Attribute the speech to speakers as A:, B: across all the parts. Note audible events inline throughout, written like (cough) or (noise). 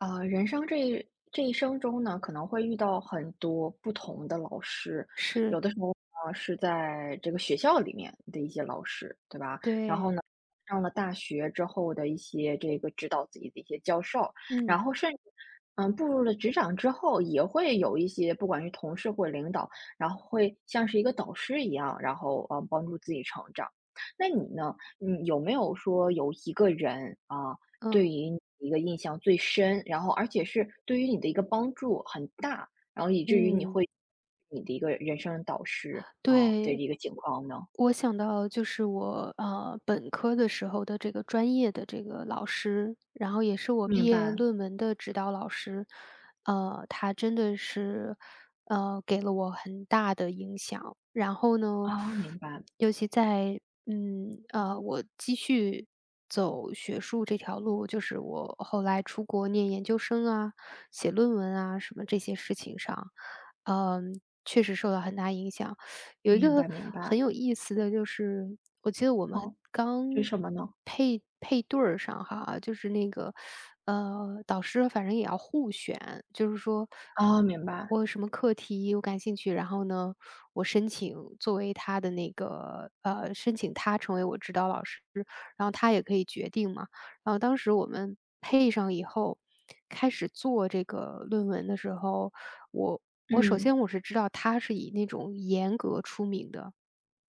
A: 啊，人生这一这一生中呢，可能会遇到很多不同的老师，
B: 是。
A: 有的时候呢是在这个学校里面的一些老师，对吧？然后
B: 对。
A: 呢，上了大学之后的一些这个指导自己的一些教授，然
B: 嗯。
A: 后甚至，嗯，步入了职场之后，也会有一些不管是同事或领导，然后会像是一个导师一样，然后，呃，帮助自己成长。那你呢，你有没有说有一个人，啊，对
B: 嗯。
A: 于你的印象最深，然后而且是对于你的一个帮助很大，然后以至于你
B: 嗯。
A: 会你的一个人生导师，嗯，的
B: 对。
A: 一个情况呢？
B: 我想到，就是我，呃，本科的时候的这个专业的这个老师，然后也是我毕
A: 明
B: 业
A: 白。
B: 论文的指导老师。啊，他真的是，嗯，给了我很大的影响，然后呢，
A: 哦，
B: (sucks teeth)
A: 明白。
B: 尤其在，嗯，啊，我继续走学术这条路，就是我后来出国念研究生啊，写论文啊什么这些事情上，呃，确实受到很大影响。(sucks teeth) 有一
A: 明
B: 个
A: 白明白。
B: 很有意思的就是，我记得我们
A: 哦，
B: 刚
A: 为什么呢？
B: 配配对儿上哈，就是那个，嗯，导师反正也要互选，就是说
A: 哦，明白。
B: 我有什么课题我感兴趣，然后呢，我申请作为他的那个呃，申请他成为我指导老师，然后他也可以决定嘛。然后当时我们配上以后，开始做这个论文的时候，我我首
A: 嗯。
B: 先我是知道他是以那种严格出名的，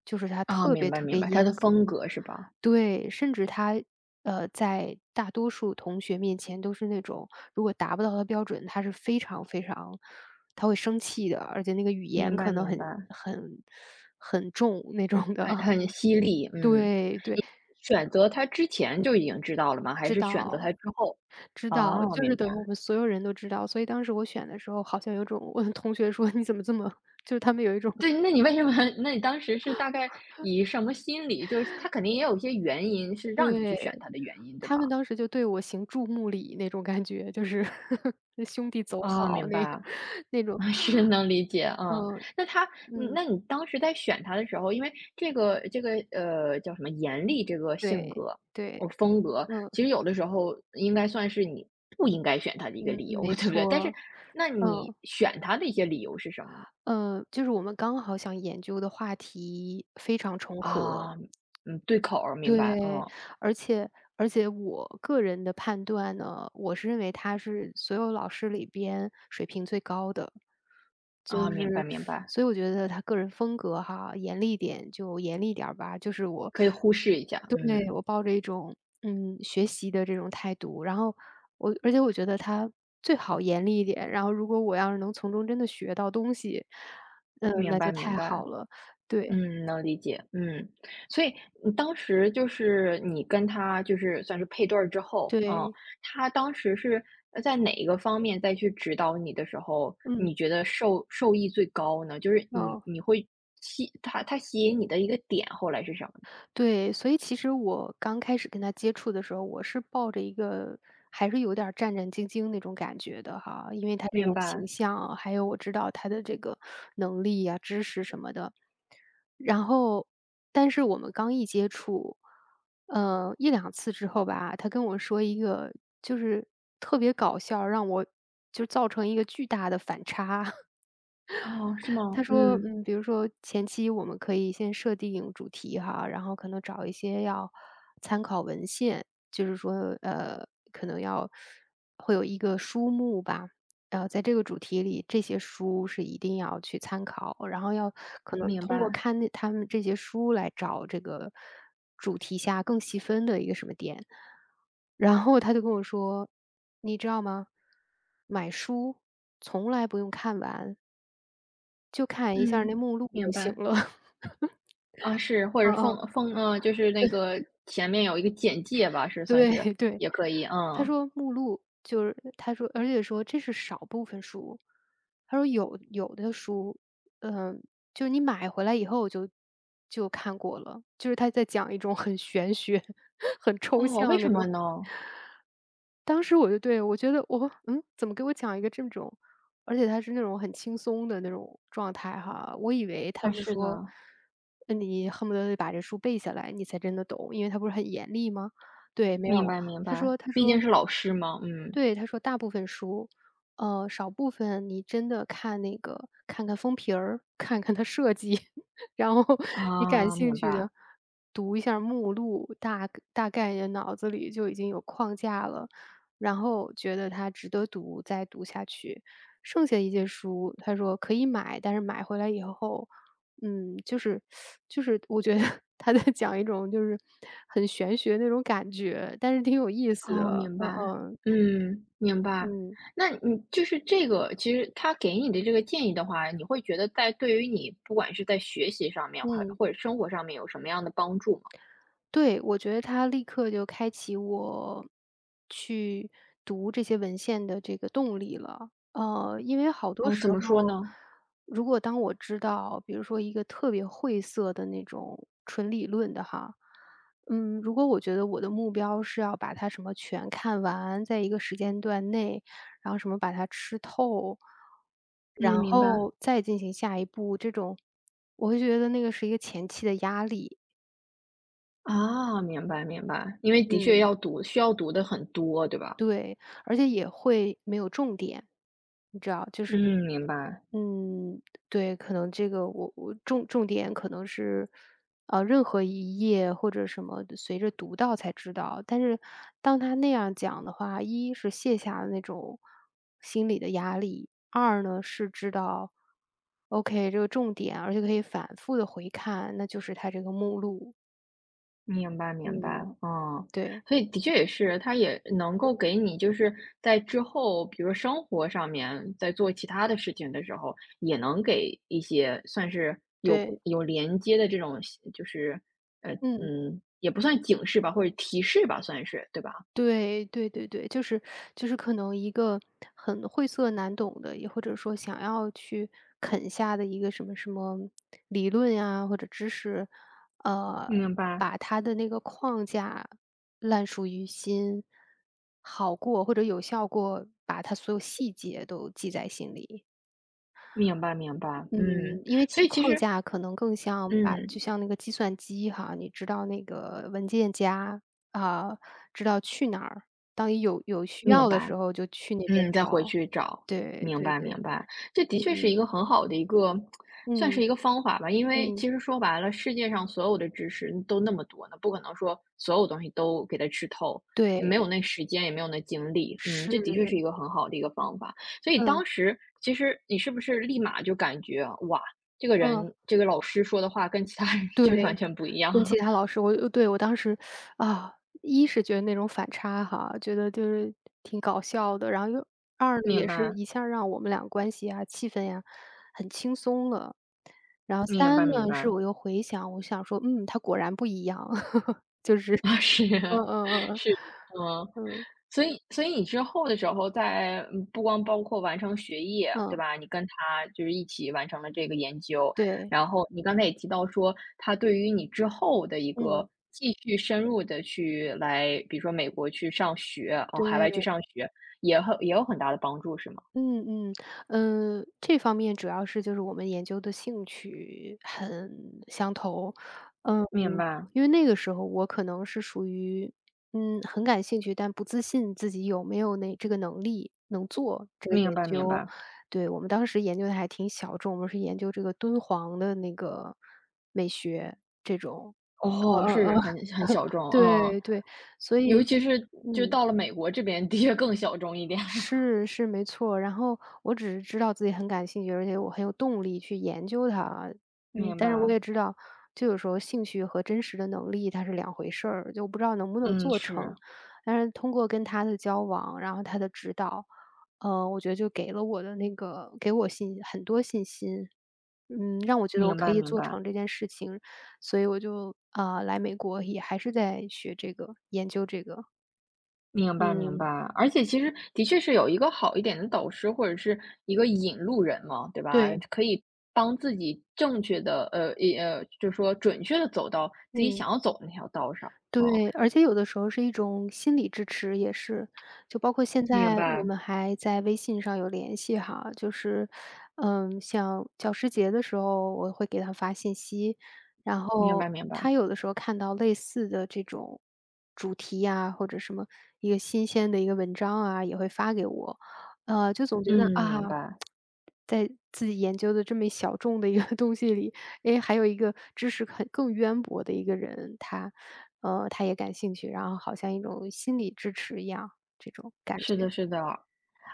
B: 就是他
A: 哦，
B: 特
A: 明
B: 别
A: 白
B: 特
A: 明
B: 别
A: 白，他的
B: 严格。
A: 风格是吧？
B: 对，甚至他，呃，在大多数同学面前都是那种，如果达不到他标准，他是非常非常他会生气的，而且那个语
A: 明
B: 言
A: 白
B: 可能
A: 明
B: 很
A: 白。
B: 很很重那种
A: 很
B: 的。
A: 很犀利，嗯，
B: 对对。
A: 你选择他之前就已经知道了吗，还
B: 知
A: 是选择
B: 道，
A: 他之后？
B: 知道，
A: 啊，
B: 就
A: 明
B: 是
A: 白。
B: 等于我们所有人都知道，所以当时我选的时候好像有一种，(chuckles) 同学说你怎么这么就是他们有一种
A: 对，那你为什么那你当时是大概以什么心理就是他
B: (laughs)
A: 肯定也有一些原因是让你去选
B: 对，
A: 他的原因，对
B: 他们
A: 吧？
B: 当时就对我行注目礼那种感觉，就是 (chuckles) 兄弟走
A: 嗯，
B: 好
A: 明
B: 那
A: 白。
B: 那种，
A: 嗯，是，能理解，嗯，
B: 嗯，
A: 那他嗯，
B: 嗯。
A: 那你当时在选他的时候因为这个这个呃，叫什么严厉这个性
B: 对，
A: 格
B: 对，
A: 哦，风格，
B: 嗯。
A: 其实有的时候应该算是你不应该选他的一个
B: 嗯
A: 理
B: 嗯，
A: 由，
B: 没
A: 对不对？但是
B: 错。
A: 那你
B: 嗯。
A: 选他的一些理由是什么呢？
B: 呃，就是我们刚好想研究的话题非常重合。
A: 啊，嗯，对口儿，明白，
B: 对，
A: 嗯。
B: 而且而且我个人的判断呢，我是认为他是所有老师里边水平最高的。就
A: 啊，明白
B: 是
A: 明
B: (sucks teeth)
A: 白。
B: 所以我觉得他个人风格哈，严厉点就严厉点儿吧，就是我
A: 可以忽视一下，
B: 对，
A: 嗯。
B: 我抱着一种，嗯，学习的这种态度，然后我而且我觉得他最好严厉一点，然后如果我要是能从中真的学到东西，嗯，
A: 明
B: 那就
A: 白明
B: 太
A: 白。
B: 好了，对。
A: 嗯，能理解，嗯。所以，嗯，当时就是你跟他就是算是配对儿之后，嗯，
B: 对。
A: 他当时是，呃，在哪一个方面再去指导你的时候，你
B: 嗯。
A: 觉得受受益最高呢？就是你
B: 嗯。
A: 你会吸他他吸引你的一个点，后来是什么呢？
B: 对，所以其实我刚开始跟他接触的时候，我是抱着一个还是有点儿战战兢兢的那种感觉的哈，因为他这
A: 明
B: 种形
A: 白。
B: 象啊，还有我知道他的这个能力啊，知识什么的。然后但是我们刚一接触，嗯，1-2次之后吧，他跟我说一个就是特别搞笑，让我就是造成一个巨大的反差。
A: 哦，是
B: (chuckles)
A: 吗？
B: 他说，
A: 嗯。
B: 嗯，比如说前期我们可以先设定主题哈，然后可能找一些要参考文献，就是说，呃，可能要会有一个书目吧。然后在这个主题里，这些书是一定要去参考，然后要可能
A: 明
B: 通过
A: 白。
B: 看那它们这些书，来找这个主题下更细分的一个什么点。然后他就跟我说：“你知道吗？买书从来不用看完。”就看一下那
A: 嗯，
B: 目录
A: 明
B: 就行
A: 白。
B: 了。
A: 啊，是，
B: (laughs)
A: 或
B: 呃
A: 者封
B: 呃。
A: 封呃，就是那
B: (chuckles)
A: 个前面有一个简介吧是算
B: 对
A: 是，
B: 对，
A: 也可以，
B: 他
A: 嗯。
B: 说目录就是他说而且说这是少部分书，他说有有的书，呃，就你买回来以后就就看过了，就是他在讲一种很玄学，(chuckles) 很抽
A: 哦，为
B: 象
A: 什
B: 那
A: 么
B: 种。
A: 呢？
B: 当时我就对我觉得我嗯？怎么给我讲一个这种？而且他是那种很轻松的那种状态哈，我以为他
A: 呃，
B: 在
A: 是
B: 说，
A: 的。
B: 嗯，你恨不得把这书背下来你才真的懂，因为他不是很严厉吗？对，没
A: 明
B: 有，
A: 白明
B: 他
A: 白，
B: 说他
A: 毕竟
B: 说
A: 是老师嘛，嗯。
B: 对，他说大部分书，呃，少部分你真的看那个看看封皮儿，看看它设计，然后你感
A: 啊，
B: 兴
A: 明
B: 趣
A: 白。
B: 的，读一下目录，大大概也脑子里就已经有框架了，然后觉得它值得读再读下去。剩下一些书，他说可以买，但是买回来以后，嗯，就是 (sucks teeth) 就是我觉得他在讲一种就是，很玄学的那种感觉，但是挺有意思
A: 哦，
B: 的，
A: 明
B: 呃
A: 白。
B: 呃。
A: 嗯，明白。
B: 嗯。
A: 那你就是这个其实他给你的这个建议的话，你会觉得在对于你不管是在学习上面，还
B: 嗯。
A: 或者生活上面有什么样的帮助吗？
B: 对，我觉得他立刻就开启我，去读这些文献的这个动力了。呃，因为好多
A: 哦，
B: 时
A: 怎
B: 候，
A: 么说呢？
B: 如果当我知道，比如说一个特别晦涩的那种纯理论的哈，嗯，如果我觉得我的目标是要把它什么全看完，在一个时间段内，然后什么把它吃透，然
A: 嗯，明白。
B: 后再进行下一步这种，我会觉得那个是一个前期的压力。
A: 啊，明白明白，因为的确
B: 嗯。
A: 要读，需要读的很多，对吧？
B: 对，而且也会没有重点。你知道就是
A: 嗯，明白。
B: 嗯，对，可能这个我我重重点可能是，呃，任何一页或者什么的，随着读到才知道。但是当他那样讲的话，一是卸下那种心理的压力，二呢，是知道，OK 这个重点啊，而且可以反复地回看，那就是它这个目录。
A: 明白明白，
B: 嗯，
A: 嗯，
B: 对。
A: 所以的确也是，他也能够给你，就是在之后，比如生活上面在做其它的事情的时候，也能给一些算是有
B: 对。
A: 有连接的这种相就是嗯
B: 嗯。
A: 嗯，也不算警示吧，或者提示吧算是，对吧？
B: 对，对对对。就是 (sucks teeth) 就是可能一个很晦涩难懂的，也或者说想要去，啃下的一个什么什么理论呀，或者知识。呃，
A: 明白。
B: 把它的那个框架烂熟于心，好过或者有效过把它所有细节都记在心里。
A: 明白明白，
B: 嗯，
A: 嗯，
B: 因为
A: 所
B: 记
A: 以其
B: 框
A: 实
B: 架可能更像把就
A: 嗯。
B: 像那个计算机哈，你知道那个文件夹，呃，知道去哪儿，当你有有需
A: 明
B: 要的
A: 白，
B: 时候就去那边
A: 嗯，再回
B: 找。
A: 去找，
B: 对，
A: 明
B: 对
A: 白
B: 对。
A: 明白。这的确是一
B: 嗯。
A: 个很好的一个 (tsk) 算是
B: 嗯，
A: 一个方法吧。因为
B: 嗯。
A: 其实说白了，世界上所有的知识都那么多的，不可能说所有东西都给它吃透，也没有
B: 对。
A: 那时间，也没有那精力，嗯，这的确是
B: 是。
A: 一个很好的一个方法。所以
B: 嗯。
A: 当时其实你是不是立马就感觉，哇，这个
B: 嗯。
A: 人这个老师说的话跟其他人就是完
B: 对，
A: 全不一样。
B: 跟其他老师我我对我当时 (sucks teeth) 啊，一是觉得那种反差哈，觉得就是挺搞笑的。然后又二呢，
A: 明
B: 也是
A: 白。
B: 一下儿让我们俩关系啊，气氛呀，很轻松了。然后
A: 明
B: 三
A: 白明
B: 呢，是
A: 白。
B: 我又回想，我想说，嗯，他果然不一样，(chuckles)
A: (laughs) 是，
B: 就是嗯嗯嗯嗯，
A: 是。嗯。
B: 嗯。
A: 所以所以你之后的时候在嗯，不光包括完成学业，对
B: 嗯。
A: 吧？你跟他就是一起完成了这个研究。
B: 对。
A: 然后你刚才也提到说，他对于你之后的一个
B: 嗯。
A: 继续深入地去来比如说美国去上学呃，海外去
B: 对。
A: 上学，也很也有很大的帮助是吗？
B: 嗯嗯。呃，这方面主要是就是我们研究的兴趣很相投。嗯，
A: 明白。
B: 因为那个时候我可能是属于，嗯，很感兴趣但不自信自己有没有那这个能力能做这个
A: 明
B: 研
A: 白明
B: 究。
A: 白。
B: 对，我们当时研究得还挺小众，我们是研究这个敦煌的那个美学这种。
A: 哦，
B: 嗯嗯嗯，
A: 是很很小
B: (chuckles)
A: 众哦，
B: 对对，所
A: 尤
B: 以
A: 其是就
B: 嗯。
A: 到了美国这边，的确更小众一点了。
B: 是是，没错，然后我只是知道自己很感兴趣，而且我很有动力去研究它。嗯，
A: 明
B: 但是我也
A: 白。
B: 知道这个时候兴趣和真实的能力它是两回事儿，就不知道能不能
A: 嗯，
B: 做成。
A: 是。
B: 但是通过跟他的交往，然后他的指导，啊，我觉得就给了我的那个给我信很多信心。嗯，让我觉得我
A: 明
B: 可
A: 白
B: 以
A: 明
B: 做
A: 白。
B: 成这件事情，所以我就，啊，来美国也还是在学这个研究这个。
A: 明白明白，
B: 嗯。
A: 而且其实的确是有一个好一点的导师，或者是一个引路人嘛，对吧，
B: 对。
A: 可以帮自己正确地呃呃呃，就是说准确地走到自己
B: 嗯。
A: 想要走的那条道上，嗯。
B: 对，而且有的时候是一种心理支持也是，就包括现
A: 明
B: 在我
A: 白。
B: 们还在微信上有联系哈，就是，嗯，像教师节的时候我会给他发信息，然
A: 明
B: 后
A: 白明白。
B: 他有的时候看到类似的这种主题呀，或者什么，一个新鲜的一个文章啊，也会发给我。呃，就总觉得，
A: 嗯，
B: 啊，
A: 明白。
B: (tsk) 在自己研究的这么一小众的一个东西里，诶，还有一个知识很更渊博的一个人，他呃，他也感兴趣，然后好像一种心理支持一样，这种感
A: 是
B: 觉。
A: 的是的。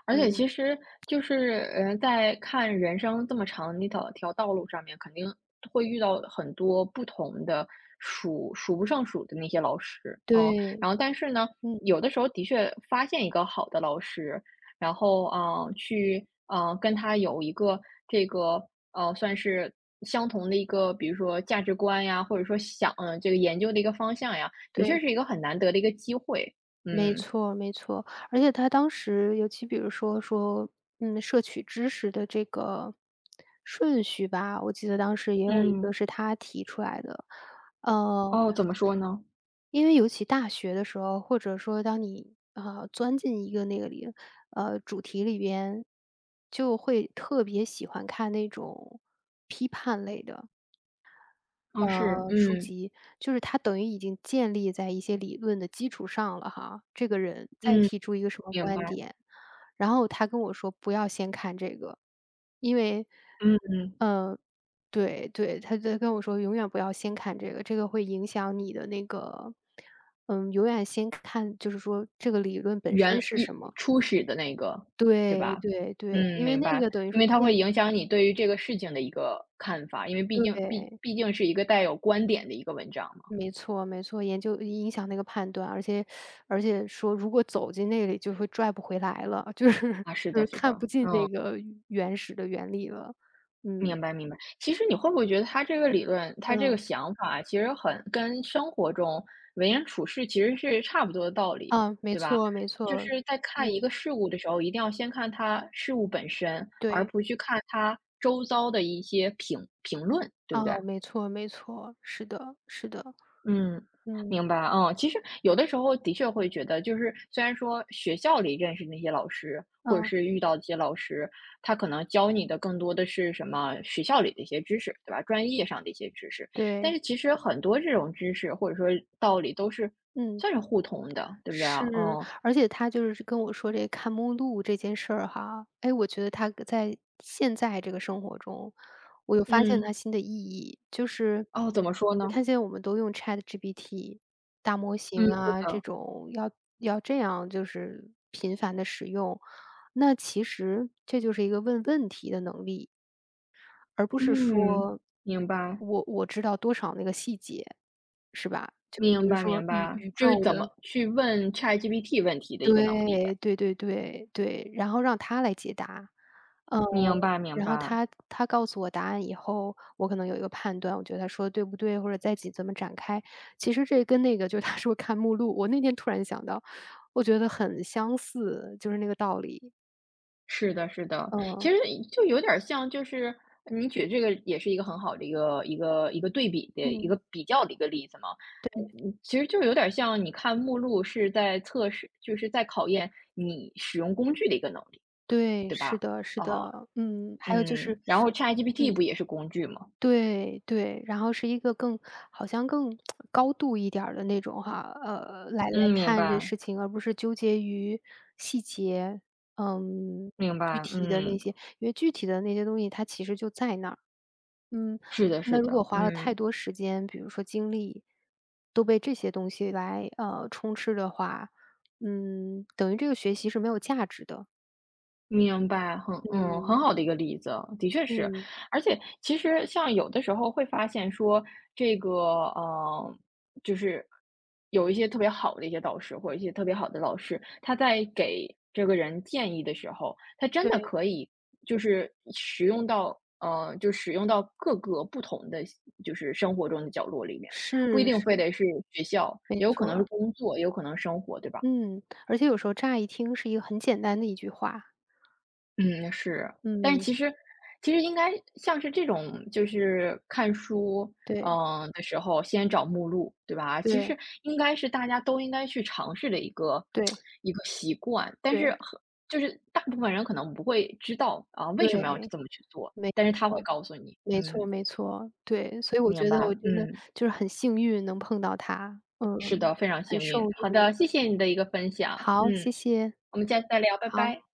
A: 而且
B: 嗯。
A: 其实就是，呃，在看人生这么长的一条条道路上面，肯定会遇到很多不同的，数数不胜数的那些老师。嗯，
B: 对，
A: 然后但是呢，
B: 嗯。
A: 有的时候的确发现一个好的老师，然后，啊，去，啊，跟他有一个这个啊，算是相同的一个，比如说价值观呀，或者说想啊，这个研究的一个方向呀。的确
B: 对。
A: 是一个很难得的一个机会，
B: 没
A: 嗯。
B: 错没错。而且他当时尤其比如说说，嗯，摄取知识的这个顺序吧，我记得当时也有一个
A: 嗯。
B: 是他提出来的。嗯。
A: 哦，怎么说呢？
B: 因为尤其大学的时候，或者说当你，啊，钻进一个那个里呃，主题里面，就会特别喜欢看那种批判类的
A: 哦，是，
B: 呃，书
A: 嗯。
B: 籍。就是它等于已经建立在一些理论的基础上了哈，这个人再
A: 嗯，
B: 提出一个什么
A: 明
B: 观
A: 白。
B: 点。然后他跟我说不要先看这个。因为
A: 嗯嗯。
B: 嗯，对对，他就跟我说永远不要先看这个，这个会影响你的那个嗯，永远先看就是说这个理论本身
A: 原
B: 是什
A: 一
B: 么。
A: 初始的那个，对
B: 对，
A: 吧？
B: 对对，
A: 嗯，
B: 因为
A: 明
B: 那
A: 白。
B: 个等于
A: 因
B: 说，
A: 为它会
B: 建
A: 影响你对于这个事情的一个看法，因为毕竟毕
B: 对。
A: 毕竟是一个带有观点的一个文章嘛。
B: 没错没错。研究影响那个判断。而且 (sucks teeth) 而且说如果走进那里，就会拽不回来了，就是
A: 啊，是
B: 就
A: 的
B: 是
A: 是的，
B: 看不进
A: 嗯。
B: 那个原始的原理了，嗯。
A: 明白明白。其实你会不会觉得他这个理论，他这个
B: 嗯。
A: 想法其实很跟生活中为人处事其实是差不多的道理，
B: 啊，没
A: 对吧？
B: 错没
A: 就
B: 错。
A: 是在看一
B: 嗯。
A: 个事物的时候，一定要先看它事物本身，而
B: 对。
A: 不去看它周遭的一些评评论，对不对？
B: 哦，没错没错，是的是的。
A: 嗯，
B: 嗯。
A: 明白，哦。其实有的时候的确会觉得，就是虽然说学校里认识的那些老师或者
B: 嗯。
A: 是遇到一些老师，他可能教你的更多的是什么学校里的一些知识，对吧？专业上的一些知识。但
B: 对。
A: 是其实很多这种知识或者说道理都是
B: 嗯。
A: 算是互通的，对不对啊？
B: 是，
A: 嗯。
B: 而且他就是跟我说这个看目录这件事儿哈，哎，我觉得它在现在这个生活中，我又发现它
A: 嗯。
B: 新的意义。就是
A: 哦，怎么说
B: 你
A: 呢？
B: 看现在我们都用 ChatGPT，大模
A: 嗯，
B: 型
A: 对
B: 啊，这
A: 的。
B: 种要要这样就是频繁地使用，那其实这就是一个问问题的能力。而不是
A: 嗯，
B: 说
A: 明白。
B: 我我知道多少那个细节是吧？就比
A: 明
B: 如
A: 白
B: 说
A: 明
B: 宇
A: 白。
B: 宇
A: 就是
B: 宙
A: 怎
B: 的
A: 么去问 ChatGPT 问题的一个能力
B: 对，
A: 呗。
B: 对对对，对，然后让它来解答。呃，
A: 明白明
B: 然后
A: 白。
B: 它它告诉我答案以后，我可能有一个判断，我觉得它说得对不对，或者在一起怎么展开。其实这跟那个就他说看目录我那天突然想到，我觉得很相似，就是那个道理。
A: 是的是的，其
B: 嗯。
A: 实就有点儿像就是你举这个也是一个很好的一个一个一个对比的，一
B: 嗯。
A: 个比较的一个例子嘛。嗯
B: 对。
A: 嗯，其实就有点儿像你看目录是在测试就是在考验你使用工具的一个能力，
B: 对，
A: 对吧？
B: 是的是
A: 哦，
B: 的，嗯，还有就是
A: 嗯，然后
B: (sucks teeth)
A: ChatGPT
B: 嗯。
A: 不也是工具吗？
B: 对，对，然后是一个更好像更 (tsk) 高度一点儿的那种哈，呃，来来
A: 嗯，明
B: 看这
A: 白。
B: 事情，而不是纠结于细节，呃，
A: 明
B: 具
A: 白，
B: 体的那
A: 嗯。
B: 些。因为具体的那些东西，它其实就在那儿，嗯，
A: 是的
B: 那
A: 是
B: 如
A: 的，
B: 果花了太
A: 嗯。
B: 多时间，比如说精力，都被这些东西来，呃，充斥的话，嗯，等于这个学习是没有价值的。
A: 明白，很嗯，
B: 嗯。
A: 很好的一个例子，的确是。
B: 嗯。
A: 而且其实像有的时候会发现说这个，嗯，就是有一些特别好的一些导师，或者一些特别好的老师，他在给这个人建议的时候，他真的
B: 对。
A: 可以就是使用到呃，就使用到各个不同的就是生活中的角落里面，不一
B: 是
A: 定非
B: 是。
A: 得是学校，也
B: 没
A: 有可
B: 错
A: 能是
B: 儿。
A: 工作，也有可能是生活，对吧？
B: 嗯，而且有时候乍一听是一个很简单的一句话。
A: 嗯，是，但
B: 嗯。
A: 其实其实应该像是这种，就是看书，
B: 对。
A: 嗯，的时候先找目录对吧？其
B: 对。
A: 实应该是大家都应该去尝试的一个
B: 对。
A: (tsk) 一个习惯，但是
B: 对。
A: 就是大部分人可能不会知道，啊，为
B: 对，
A: 什么要这么去做，
B: 没
A: 但是他会
B: 错。
A: 告诉你，
B: 没错
A: 嗯。
B: 没错，对。所以我
A: 明
B: 觉得
A: 白，
B: 我真的
A: 嗯。
B: 就是很幸运能碰到他，嗯，
A: 是的，非常
B: 很
A: 幸运。
B: 受
A: 好
B: 用。
A: 的，谢谢你的一个分享。
B: 好，
A: 嗯，
B: 谢谢。
A: 我们下次再聊，拜拜。
B: 好。